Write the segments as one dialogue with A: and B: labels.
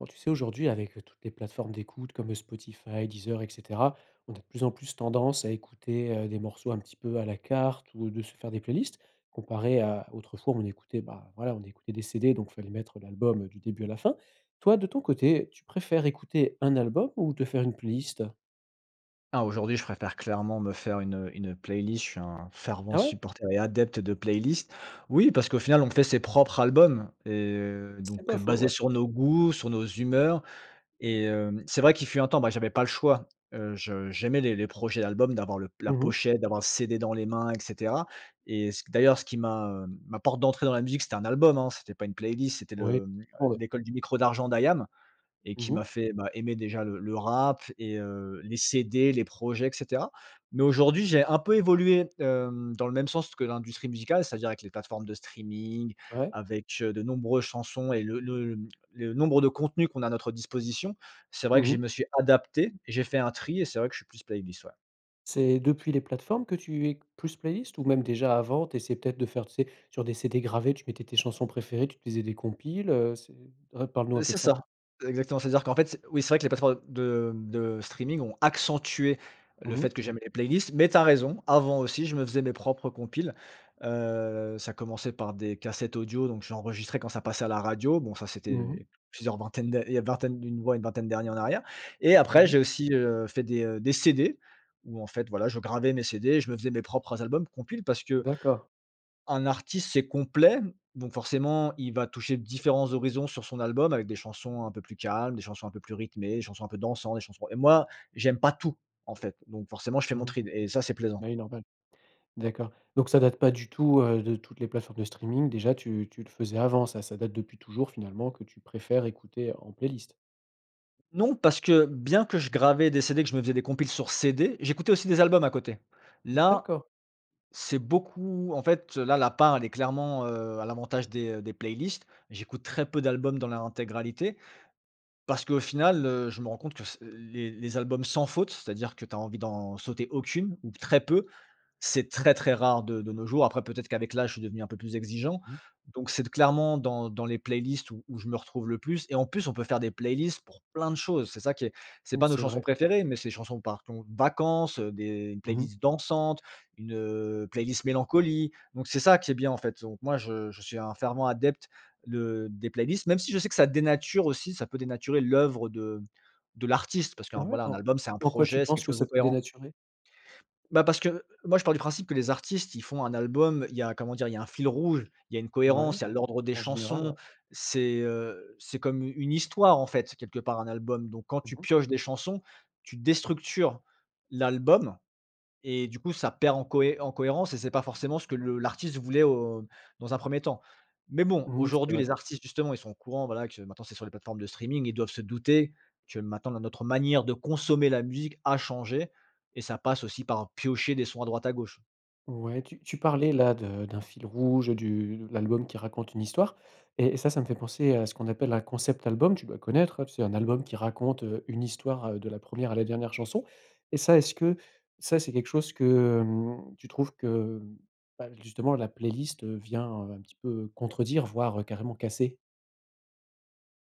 A: Oh, tu sais aujourd'hui avec toutes les plateformes d'écoute comme Spotify, Deezer, et cetera, on a de plus en plus tendance à écouter, heu, des morceaux un petit peu à la carte ou de se faire des playlists. Comparé à autrefois où on écoutait, bah, voilà, on écoutait des CD, donc fallait mettre l'album du début à la fin. Toi de ton côté, tu préfères écouter un album ou te faire une playlist?
B: Ah, aujourd'hui, je préfère clairement me faire une une playlist. Je suis un fervent
A: Ah ouais?
B: supporter et adepte de playlists. Oui, parce qu'au final, on fait ses propres albums, et heu,
A: C'est
B: donc,
A: pas
B: heu,
A: faux,
B: basés
A: ouais.
B: sur nos goûts, sur nos humeurs. Et hem, c'est vrai qu'il fut un temps, ben, j'avais pas le choix. Heu, je j'aimais les les projets d'album, d'avoir le la
A: Mmh mh.
B: pochette, d'avoir le CD dans les mains, et cetera. Et c d'ailleurs, ce qui m'a, hem, ma porte d'entrée dans la musique, c'était un album, hein. C'était pas une playlist, c'était
A: Oui,
B: le, hem,
A: prends-le.
B: «L'école du micro d'argent» d'IAM et qui
A: Mmh
B: m'a
A: mh.
B: fait, bah, aimer déjà le le rap et heu, les CD, les projets, et cetera. Mais aujourd'hui, j'ai un peu évolué, hem, dans le même sens que l'industrie musicale, c'est-à-dire avec les plateformes de streaming,
A: Ouais.
B: avec, heu, de nombreuses chansons et le le le nombre de contenus qu'on a à notre disposition. C'est vrai que
A: Mmh
B: je me
A: mh.
B: suis adapté et j'ai fait un tri et c'est vrai que je suis plus playlist, ouais.
A: C'est depuis les plateformes que tu es q plus playlist ou même déjà avant? Tu essaies peut-être de faire, tu sais sur des CD gravés tu mettais tes chansons préférées, tu te faisais des compiles? Heu c'est, hein, parle nous un
B: Heu,
A: peu
B: c'est
A: de
B: ça,
A: ça.
B: exactement. C'est-à-dire qu'en fait c'est oui, c'est vrai que les plateformes de de streaming ont accentué le
A: Mmh.
B: fait que j'aime les playlists. Mais tu as raison, avant aussi, je me faisais mes propres compiles. Heu ça commençait par des cassettes audio, donc j'enregistrais quand ça passait à la radio. Bon, ça,
A: Mmh mh.
B: c'était plusieurs vingtaines d'a il y a une vingtaine d'une ouais, une vingtaine d'années en arrière et après,
A: Mmh mh.
B: j'ai aussi, heu, fait des, heu, des CD. Où en fait, voilà, je gravais mes CD, et je me faisais mes propres albums, compiles parce que
A: D'accord.
B: un artiste, c'est complet. Donc forcément, il va toucher différents horizons sur son album. Avec des chansons un peu plus calmes, des chansons un peu plus rythmées, chansons un peu dansant, des chansons. Et moi, j'aime pas tout en fait. Donc forcément, je fais
A: Mmh
B: mon
A: mh.
B: trie et ça, c'est plaisant.
A: Ben oui normal. D'accord, donc ça date pas du tout, heu, de toutes les plateformes de streaming déjà. Tu tu le faisais avant, ça ça date depuis toujours finalement, que tu préfères écouter en playlist?
B: Non parce que bien que je gravais des CD, que je me faisais des compil sur CD. J'écoutais aussi des albums à côté. Là
A: D'accord.
B: c'est beaucoup, en fait là, la part elle est clairement, heu, à l'avantage des des playlists. J'écoute très peu d'albums dans leur intégralité, parce qu'au final, heu, je me rends compte que c les les albums sans faute. c'est-à-dire que tu as envie d'en sauter aucune, ou très peu. C'est très, très rare de de nos jours. Après, peut-être qu'avec l'âge, je suis devenu un peu plus exigeant.
A: Mmh.
B: Donc, c'est d clairement dans dans les playlists, où où je me retrouve le plus. Et en plus, on peut faire des playlists pour plein de choses. C'est ça qui est c'est
A: Mmh
B: pas nos
A: c'est
B: chansons
A: vrai.
B: préférées, mais c'est des chansons par ton vacances. Heu des
A: Mmh mh.
B: playlists dansantes, une, heu, playlist mélancolie. Donc, c'est ça qui est bien en fait. Donc moi, je je suis un fervent adepte de des playlists, même si je sais que ça dénature aussi. Ça peut dénaturer l'œuvre de de l'artiste parce qu'
A: Ah
B: un,
A: ouais?
B: voilà, un
A: En
B: album c'est un
A: en quoi tu
B: projet, c'est
A: penses
B: quelque
A: que
B: chose de
A: ça peut
B: cohérent.
A: dénaturer?
B: Bah parce que moi je pars du principe que les artistes, ils font un album, il y a comment dire il y a un fil rouge, il y a une
A: Ouais,
B: cohérence, il y a l'ordre des
A: en général
B: chansons.
A: ouais.
B: C'est, heu, c'est comme une histoire en fait, quelque part un album. Donc quand
A: Mmh
B: tu
A: mh.
B: pioches des chansons, tu déstructures l'album et du coup ça perd en cohé en cohérence. Et c'est pas forcément ce que le l'artiste voulait au dans un premier temps. Mais bon,
A: Mmh mh, c'est
B: aujourd'hui
A: vrai.
B: les artistes, justement, ils sont au courant voilà que maintenant, c'est sur les plateformes de streaming. Ils doivent se douter que maintenant, dans notre manière de consommer, la musique a changé. Et ça passe aussi par piocher des sons à droite, à gauche.
A: Ouais, tu tu parlais là, de d'un fil rouge du l'album qui raconte une histoire et et ça, ça me fait penser, à ce qu'on appelle un concept album. Tu dois connaître, heu, t c'est un album qui raconte, heu, une histoire, heu, de la première à la dernière chanson. Et ça, est-ce que ça, c'est quelque chose que mmh, tu trouves que bah justement la playlist, heu, vient, heu, un petit peu contredire, voire carrément casser?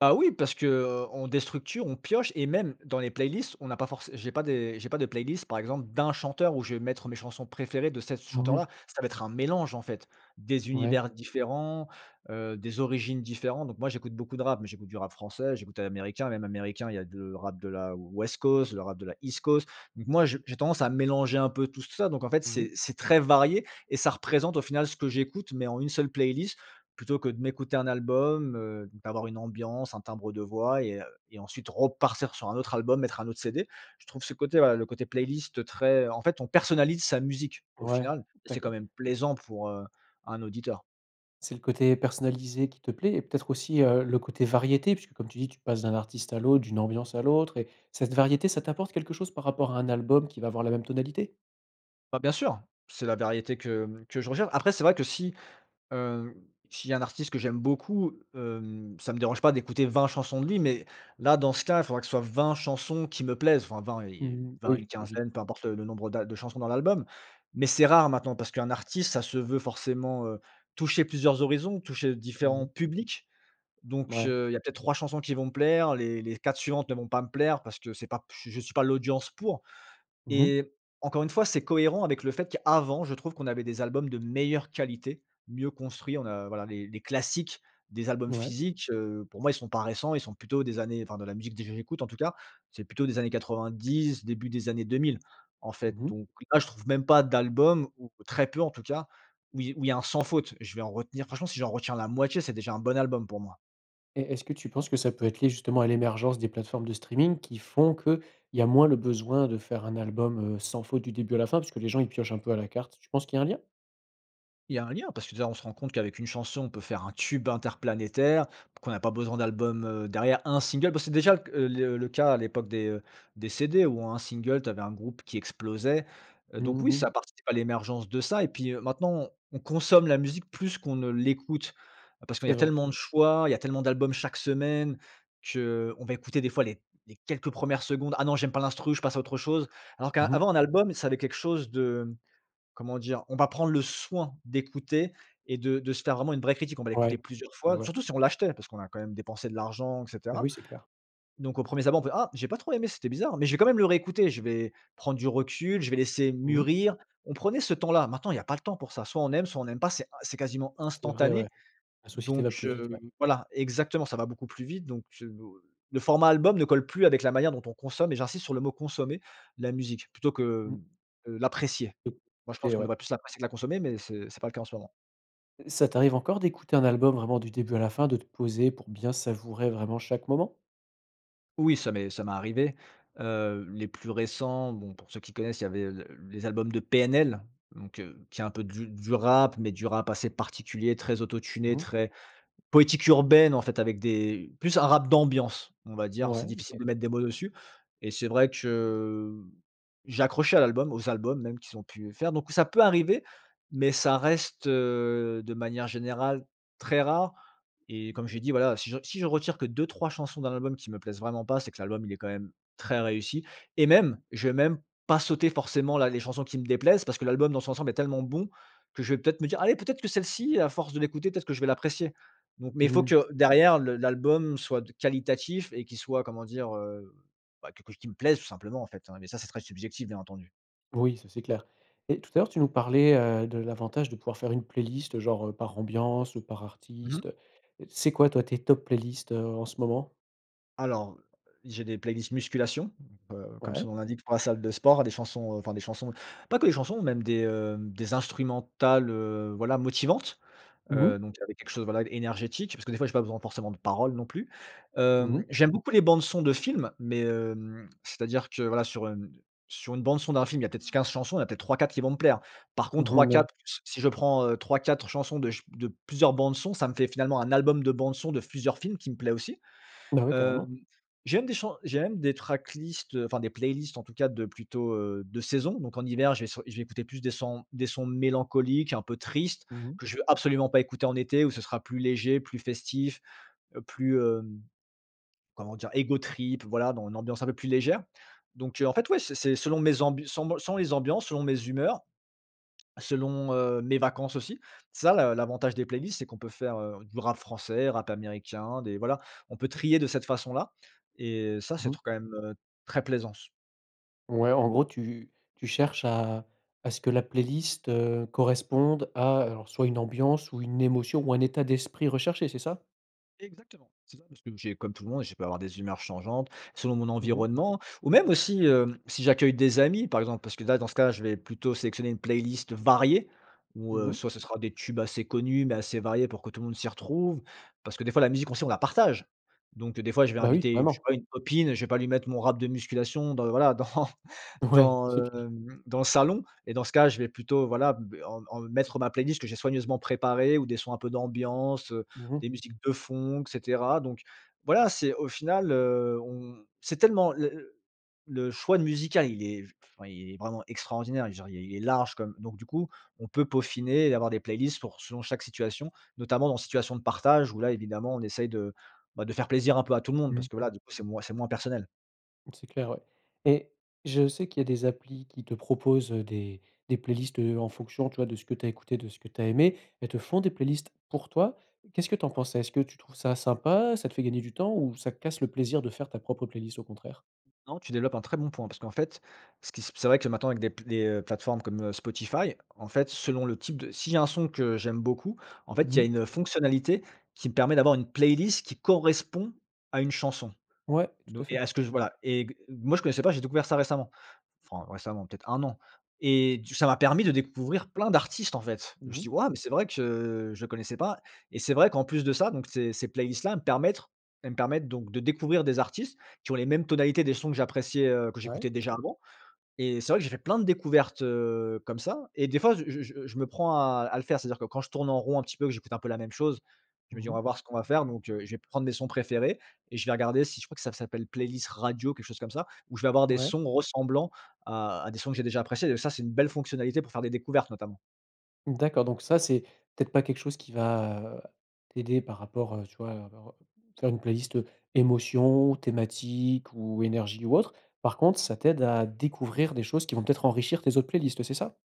B: Ah oui, parce que, heu, on déstructure, on pioche et même dans les playlists, on n'a pas forcé j'ai pas des j'ai pas de playlist, par exemple, d'un chanteur où je vais mettre mes chansons préférées de cet
A: Mmh mh.
B: chanteur-là. Ça va être un mélange en fait. Des
A: Ouais.
B: univers différents, heu, des origines différentes, donc moi j'écoute beaucoup de rap, mais j'écoute du rap français, j'écoute de l'américain. Même américain, il y a de rap de la West Coast, le rap de la East Coast. Donc moi, je j'ai tendance à mélanger un peu tout ça. Donc en fait,
A: Mmh mh.
B: c'est c'est très varié et ça représente, au final, ce que j'écoute, mais en une seule playlist, plutôt que de m'écouter un album, heu, d'avoir une ambiance, un timbre de voix et heu, et ensuite repartir sur un autre album, mettre un autre CD. Je trouve ce côté, voilà, le côté playlist très en fait, on personnalise sa musique, au
A: Ouais,
B: final et c'est, quand
A: d'accord.
B: même, plaisant pour, heu, un auditeur.
A: C'est le côté personnalisé qui te plaît et peut-être aussi, heu, le côté variété puisque, comme tu dis, tu passes d'un artiste à l'autre, d'une ambiance à l'autre et cette variété, ça t'apporte quelque chose par rapport à un album qui va avoir la même tonalité?
B: Bah, bien sûr, c'est la variété que, hem, que je recherche. Après, c'est vrai que si, hem, s'il y a un artiste que j'aime beaucoup, hem, ça me dérange pas d'écouter 20 chansons de lui mais là, dans ce cas, il faudra que ce soit 20 chansons qui me plaisent, enfin 20, y y y
A: Mmh mh,
B: 20, une
A: oui, logique.
B: quinzaine, peu importe le le nombre d'a de chansons dans l'album. Mais c'est rare maintenant, parce qu'un artiste ça se veut forcément, heu, toucher plusieurs horizons, toucher
A: Mmh
B: différents
A: mh.
B: publics. Donc,
A: Ouais.
B: heu, il y a peut-être 3 chansons qui vont me plaire, les les 4 suivantes ne vont pas me plaire parce que c'est pas je suis pas l'audience pour.
A: Mmh mh.
B: Et encore une fois, c'est cohérent avec le fait qu'avant, je trouve qu'on avait des albums de meilleure qualité, mieux construits. On a voilà les les classiques, des albums
A: Ouais.
B: physiques. Heu, pour moi, ils sont pas récents. Ils sont plutôt des années enfin de la musique de j j j'écoute en tout cas. C'est plutôt des années 90, début des années 2000. En fait,
A: Mmh mh.
B: donc, là je trouve même pas d'album ou très peu, en tout cas, où y où il y a un sans faute, je vais en retenir, franchement si j'en retiens la moitié, c'est déjà un bon album pour moi.
A: Et est-ce que tu penses que ça peut être lié, justement, à l'émergence des plateformes de streaming qui font qu'il y a moins le besoin de faire un album, heu, sans faute, du début à la fin, parce que les gens ils piochent un peu à la carte? Tu penses qu'il y a un lien?
B: Il y a un lien parce que, déjà, on se rend compte qu'avec une chanson, on peut faire un tube interplanétaire, qu'on n'a pas besoin d'album, heu, derrière, un single. Parce que déjà le c le cas à l'époque des, heu, des CD, où un single, tu avais un groupe qui explosait. Donc
A: Mmh
B: oui,
A: mh.
B: ça participe à l'émergence de ça. Et puis, heu, maintenant, on consomme la musique plus qu'on ne l'écoute, parce qu'il y
A: C'est
B: a
A: vrai.
B: tellement de choix. Il y a tellement d'albums chaque semaine. Qu'on va écouter, des fois, les les quelques 1res secondes: «Ah non, j'aime pas l'instru, je passe à autre chose». Alors qu'a
A: Mmh mh.
B: avant un album, ça avait quelque chose de comment dire? On va prendre le soin d'écouter et de de se faire, vraiment, une vraie critique. On va
A: Ouais.
B: l'écouter plusieurs
A: Ouais,
B: fois,
A: ouais.
B: surtout si on l'achetait, parce qu'on a quand même dépensé de l'argent, et
A: Bah,
B: cetera.
A: oui, c'est clair.
B: Donc, aux 1ers abords, on fait: «Ah, j'ai pas trop aimé, c'était bizarre. Mais j'ai quand même le réécouter. Je vais prendre du recul, je vais laisser
A: Mmh mh.
B: mûrir». On prenait ce temps-là. Maintenant, il y a pas le temps pour ça, soit on aime, soit on n'aime pas. C'est in c'est quasiment
A: C'est vrai, ouais.
B: instantané.
A: La société va
B: Donc,
A: plus vite,
B: heu,
A: ouais.
B: voilà exactement, ça va beaucoup plus vite. Donc, heu, le format album ne colle plus avec la manière dont on consomme et j'insiste sur le mot consommer la musique, plutôt que
A: Mmh.
B: l'apprécier. Moi je pense
A: Et
B: qu'on
A: ouais.
B: devrait plus l'apprécier que la consommer mais ce c'est pas le cas en ce moment.
A: Ça t'arrive encore d'écouter un album vraiment du début à la fin, de te poser pour bien savourer vraiment chaque moment?
B: Oui ça m'est ça m'est arrivé. Heu, les plus récents bon pour ceux qui connaissent, il y avait le les albums de PNL donc, heu, qui est un peu de du rap mais du rap assez particulier, très auto-tuné,
A: Mmh mh.
B: très poétique urbaine, en fait, avec des plus un rap d'ambiance, on va dire. C'est
A: Ouais,
B: difficile de
A: OK.
B: mettre des mots dessus. Et c'est vrai que, j'ai accroché à l'album, aux albums même qu'ils ont pu, heu, faire. Donc, ça peut arriver, mais ça reste, heu, de manière générale, très rare. Et comme j'ai dit voilà, si je re si je retire que 2-3 chansons dans l'album qui me plaisent vraiment pas, c'est que l'album, il est quand même très réussi. Et même, je vais même pas sauter, forcément, la les chansons qui me déplaisent parce que l'album, dans son ensemble, est tellement bon que je vais peut être me dire: «Allez, peut être que celle ci, à force de l'écouter, peut être que je vais l'apprécier». Donc mais il faut
A: Mmh.
B: que derrière le l'album soit de qualitatif et qui soit, comment dire, heu? Bah, que qu'il me plaise, tout simplement, en fait, mais ça c'est très subjectif, bien entendu.
A: Oui, ça c'est clair. Et tout à l'heure tu nous parlais, heu, de l'avantage de pouvoir faire une playlist, genre par ambiance ou par
B: Mmh mh.
A: artiste, heu. C'est quoi toi, tes top playlist, heu, en ce moment?
B: Alors, heu, j'ai des playlists musculation, heu, comme son
A: Ouais.
B: nom l'indique, pour la salle de sport, des chansons, enfin des chansons, pas que des chansons, même des, heu, des instrumentales, heu, voilà, motivantes.
A: Mmh
B: Heu,
A: mh.
B: donc avec quelque chose, voilà énergétique, parce que, des fois, j'ai pas besoin forcément de parole non plus.
A: Mmh
B: Hem,
A: mh.
B: j'aime beaucoup les bandes-son de films mais, hem, c'est-à-dire que voilà, sur sur une bande-son d'un film, il y a peut-être 15 chansons, il y en a peut-être 3-4 qui vont me plaire. Par contre
A: Mmh mh. Ouais.
B: 3-4 s si je prends, heu, 3-4 chansons de ch de plusieurs bandes sons, ça me fait, finalement, un album de bandes sons de plusieurs films, qui me plaît aussi.
A: Bah ouais, carrément.
B: Hem, j'aime des chants j'aime des tracklist, enfin des playlists en tout cas de plutôt, heu, de saison. Donc en hiver, je vais sur je vais écouter plus des sons des sons mélancoliques, un peu tristes
A: Mmh mh.
B: que je veux absolument pas écouter en été où ce sera plus léger, plus festif plus, heu, comment dire? Ego trip, voilà dans une ambiance un peu plus légère. Donc, heu, en fait ouais c'est c'est selon mes ambu sans mon selon mes ambiances, selon mes humeurs. Selon, heu, mes vacances aussi. Ça l'a l'avantage des playlists, c'est qu'on peut faire, heu, du rap français, rap américain, des voilà, on peut trier de cette façon-là. Et ça,
A: Mmh
B: c'est
A: mh.
B: trop, quand même, heu, très plaisance.
A: Ouais, en gros tu tu cherches à à ce que la playlist, heu, corresponde à alors, soit une ambiance, ou, une émotion, ou, un état d'esprit recherché, c'est ça?
B: Exactement, c'est ça, parce que j'ai, comme tout le monde, je peux avoir des humeurs changeantes, selon mon
A: Mmh mh.
B: environnement. Ou même aussi, heu, si j'accueille des amis, par exemple, parce que là, dans ce cas-là, je vais plutôt sélectionner une playlist variée ou,
A: Mmh
B: heu,
A: mh.
B: soit ce sera des tubes assez connus mais assez variés pour que tout le monde s'y retrouve. Parce que des fois, la musique aussi, on la partage, donc heu, des fois, je vais
A: Bah, oui,
B: inviter, je sais
A: carrément.
B: pas, une copine, je vais pas lui mettre mon rap de musculation dans voilà, dans
A: Oui,
B: dans,
A: c'est clair.
B: hem dans le salon et dans ce cas, je vais plutôt, voilà, b en en mettre ma playlist que j'ai soigneusement préparée, ou des sons un peu d'ambiance, heu,
A: Mmh mh.
B: des musiques de fond, et cetera. Donc voilà, c'est au final, heu, on c'est tellement le le le choix de musical, il est enfin, il est vraiment extraordinaire. Et genre, il il est large comme donc, du coup, on peut peaufiner et avoir des playlists pour son chaque situation, notamment dans des situations de partage, où là, évidemment, on essaye, de, bah, de faire plaisir un peu à tout le monde
A: Mmh.
B: parce que voilà, du coup, c'est moins c'est moins personnel.
A: C'est clair, ouais. Et, je sais qu'il y a des applis qui te proposent, heu, des des playlists heu, en fonction, tu vois, de ce que tu as écouté, de ce que tu as aimé. Elles te font des playlists pour toi, qu'est ce que tu en penses ça? Est-ce que tu trouves ça sympa? Ça te fait gagner du temps, ou ça casse le plaisir de faire ta propre playlist au contraire?
B: Non, tu développes un très bon point parce qu'en fait, ce qui se p c'est vrai que maintenant avec des p les, heu, plateformes comme, heu, Spotify, en fait, selon le type de s'il y a un son que j'aime beaucoup, en fait, il
A: Mmh
B: y a
A: mh.
B: une fonctionnalité qui me permet d'avoir une playlist qui correspond à une chanson.
A: Ouais,
B: Don
A: tout à
B: et
A: fait.
B: à ce que je voilà, et gue moi, je connaissais pas. J'ai découvert ça récemment, enfin, récemment, peut-être 1 an. Et, du c ça m'a permis de découvrir plein d'artistes, en fait. Je me
A: Mmh
B: suis
A: mh.
B: dit: «Waouh mais c'est vrai que, je connaissais pas.» Et c'est vrai, qu'en plus de ça, donc, ces ces playlists là elle mepermettrent elles me permettent, donc, de découvrir des artistes qui ont les mêmes tonalités des sons que j'appréciais, heu que
A: Ouais.
B: j'écoutais déjà avant. Et c'est vrai que j'ai fait plein de découvertes, heu, comme ça, et des fois, je je je me prends à le à le faire, c'est-à-dire que quand je tourne en rond un petit peu, que j'écoute un peu la même chose, je me
A: Mmh
B: dis: «On va
A: mh.
B: voir ce qu'on va faire». Donc heu, je vais prendre mes sons préférés, et, je vais regarder, si je crois que ça s'appelle playlist radio, quelque chose comme ça, où je vais avoir des
A: Ouais.
B: sons ressemblants à à des sons que j'ai déjà appréciés. Et ça, c'est une belle fonctionnalité pour faire des découvertes, notamment.
A: D'accord, donc ça, c'est, peut-être pas quelque chose qui va, heu, t'aider par rapport, heu, tu vois, heu, ve re faire une playlist heu, émotions, thématiques, ou énergie, ou autre. Par contre, ça t'aide à découvrir des choses qui vont peut-être enrichir tes autres playlists c'est ça?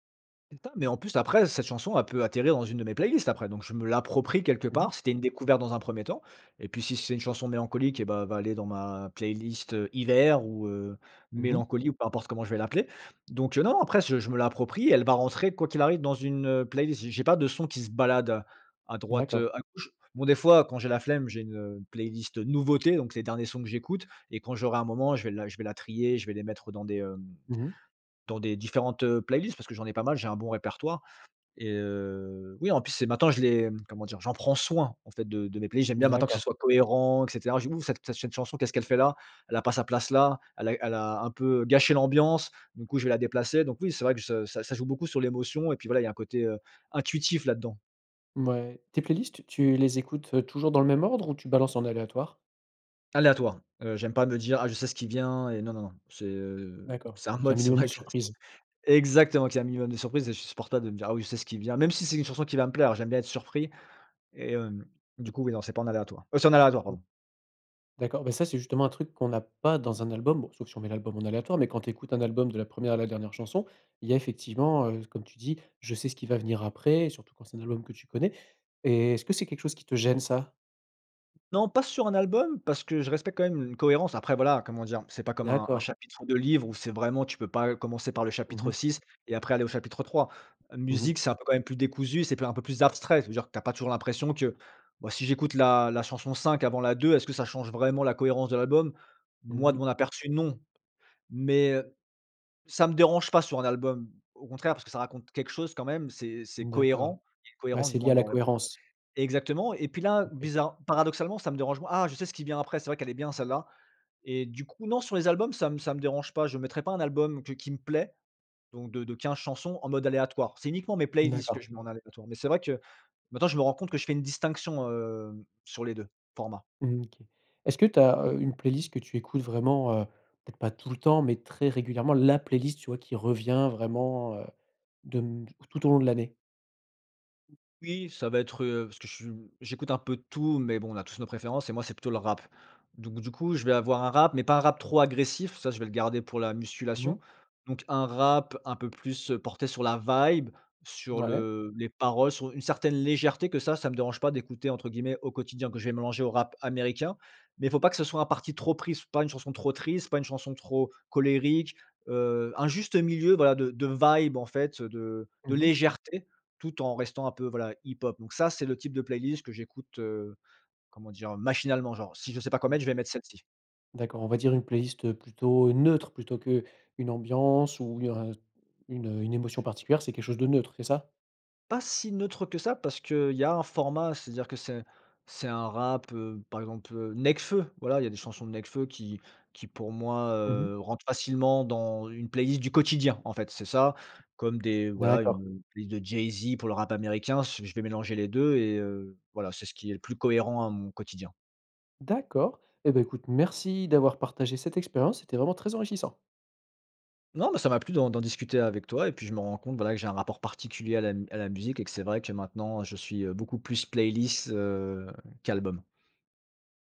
B: Même pas, mais, en plus, après, cette chanson, elle peut atterrir dans une de mes playlists après. Donc, je me l'approprie quelque
A: Mmh mh.
B: part. C'était une découverte dans un 1er temps. Et puis, si c'est une chanson mélancolique, et, bah, elle va aller dans ma playlist heu, hiver ou, heu,
A: Mmh mh.
B: mélancolie ou peu importe comment je vais l'appeler. Donc heu, non, après ce je me l'approprie. Elle va rentrer quoi qu'il arrive dans une, heu, playlist. J' j'ai pas de son qui se balade à droite,
A: D'accord.
B: heu, à gauche. Bon, des fois, quand j'ai la flemme, j'ai une, heu, une playlist, heu, nouveautés, donc, les derniers sons que j'écoute. Et quand j'aurai un moment, je vais la je vais la trier. Je vais les mettre dans des, hem
A: Mmh mh.
B: dans des différentes, heu, playlists. Parce que j'en ai pas mal. J'ai un bon répertoire. Et, heu, oui, en plus, c'est maintenant, je les, comment dire? J'en prends soin, en fait, de de mes playlists. J'aime bien maintenant que ce
A: D'accord.
B: soit cohérent, et cetera. Je dis: «Ouh, cette chanson, qu'est-ce qu'elle fait là? Elle a pas sa place là. Elle est elle a un peu heu, gâché l'ambiance. Du coup je vais la déplacer.» Donc oui, c'est vrai que je que ça joue beaucoup sur l'émotion. Et puis voilà, il y a un côté, heu, intuitif là-dedans.
A: Mouais, tes playlists, tu les écoutes, heu, toujours dans le même ordre ou tu balances en aléatoire?
B: Aléatoire. Heu, j'aime pas me dire: «Ah, je sais ce qui vient et non, non, non». C'est, heu,
A: D'accord.
B: c'est
A: Il
B: un
A: faut qu'il y ait un
B: mode, c'est
A: minimum
B: vrai
A: de
B: que
A: surprises.
B: exactement, qu'il y ait un minimum de surprise et je supporte pas de me dire: «Ah oui, je sais ce qui vient», même si c'est une chanson qui va me plaire! J'aime bien être surpris et hem, du coup, oui non, c'est pas en aléatoire, heu, c'est en aléatoire
A: [unintelligible]
B: pardon.
A: D'accord, bah, ça, c'est justement un truc qu'on a pas dans un album, bon sauf, si on met l'album en aléatoire. Mais, quand tu écoutes un album de la 1re à la dernière chanson, il y a effectivement, heu, comme tu dis, je sais ce qui va venir après surtout quand c'est un album que tu connais et est-ce que c'est quelque chose qui te gêne ça?
B: Non, pas sur un album parce que je respecte quand même une cohérence. Après voilà, comment dire? C'est pas comme un un
A: D'accord.
B: chapitre de livre où, c'est vraiment tu peux pas commencer par le
A: Mmh
B: chapitre
A: mh.
B: 6 et après, aller au chapitre 3.
A: Mmh mh.
B: Musique, c'est un peu quand même plus décousu, c'est plu un peu plus abstrait, ça veut dire que tu as pas toujours l'impression que, bah, si j'écoute la la chanson 5 avant la 2 est-ce que ça change vraiment la cohérence de l'album?
A: Mmh
B: Moi, de mon
A: mh.
B: aperçu, non. Mais, heu, ça me dérange pas sur un album, au contraire, parce que ça raconte quelque chose, quand même, c'est c'est
A: D'accord.
B: cohérent, c'est
A: Ouais,
B: cohérent, du
A: c'est lié
B: moins,
A: à la
B: bon re
A: cohérence.
B: exactement. Et puis là,
A: OK.
B: bizarre paradoxalement, ça me dérange moins «Ah, je sais ce qui vient après, c'est vrai qu'elle est bien celle-là». Et du coup, non, sur les albums ça m ça me dérange pas. Je mettrais pas un album que qui me plaît donc de de 15 chansons en mode aléatoire. C'est uniquement mes playlists
A: D'accord.
B: que je mets en aléatoire mais c'est vrai que maintenant je me rends compte que je fais une distinction, hem, sur les 2 formats.
A: Mmh OK. Est-ce que tu as, heu, une playlist que tu écoutes vraiment, heu, peut être pas tout le temps mais, très régulièrement, la playlist, tu vois, qui revient vraiment, heu, de hem, tout au long de l'année?
B: Oui, ça va être, heu, parce que je su j'écoute un peu de tout, mais bon, on a tous nos préférences et moi, c'est plutôt le rap. Donc, du coup, je vais avoir un rap mais pas un rap trop agressif. Ça, je vais le garder pour la
A: Mmh
B: musculation.
A: mh.
B: Donc, un rap un peu plus, heu, porté sur la vibe, sur
A: Mouais.
B: le les paroles sur une certaine légèreté que ça ça me dérange pas «d'écouter» entre guillemets au quotidien que je vais mélanger au rap américain, mais, faut pas que ce soit un parti trop pris, pas une chanson trop triste, pas une chanson trop colérique, heu, un juste milieu, voilà, de de vibe en fait, heu, de de
A: Mmh mh.
B: légèreté tout en restant un peu, voilà, hip hop. Donc ça, c'est le type de playlist que j'écoute, heu, comment dire, heu? Machinalement, genre. Si je sais pas quoi
A: Mmh.
B: mettre, je vais mettre celle-ci.
A: D'accord on va dire une playlist, heu, plutôt, heu, neutre plutôt qu'une ambiance où il y aurai une, heu, une émotion particulière c'est quelque chose de neutre, c'est ça?
B: Pas si neutre que ça parce qu'il y a un format. C'est à dire que c'est c'est un rap, heu, par exemple, heu, Nekfeu. Voila, il y a des chansons de Nekfeu qui qui pour moi,
A: Mmh mh.
B: heu, rentrent facilement dans une playlist du quotidien, en fait. C'est ça. Comme des voilà,
A: D'accord.
B: une, heu, une playlist de Jay-Z pour le rap américain. Su je vais mélanger les 2 et heu, voila, c'est ce qui est le plus cohérent à mon quotidien.
A: D'accord et bah, écoute, merci d'avoir partagé cette expérience, c'était vraiment très enrichissant.
B: Non, mais ça m'a plu d'en d'en discuter avec toi. Et puis, je me rends compte voila, que j'ai un rapport particulier à la à la musique et que c'est vrai que maintenant, je suis, heu, beaucoup plus playlist, heu, qu'album.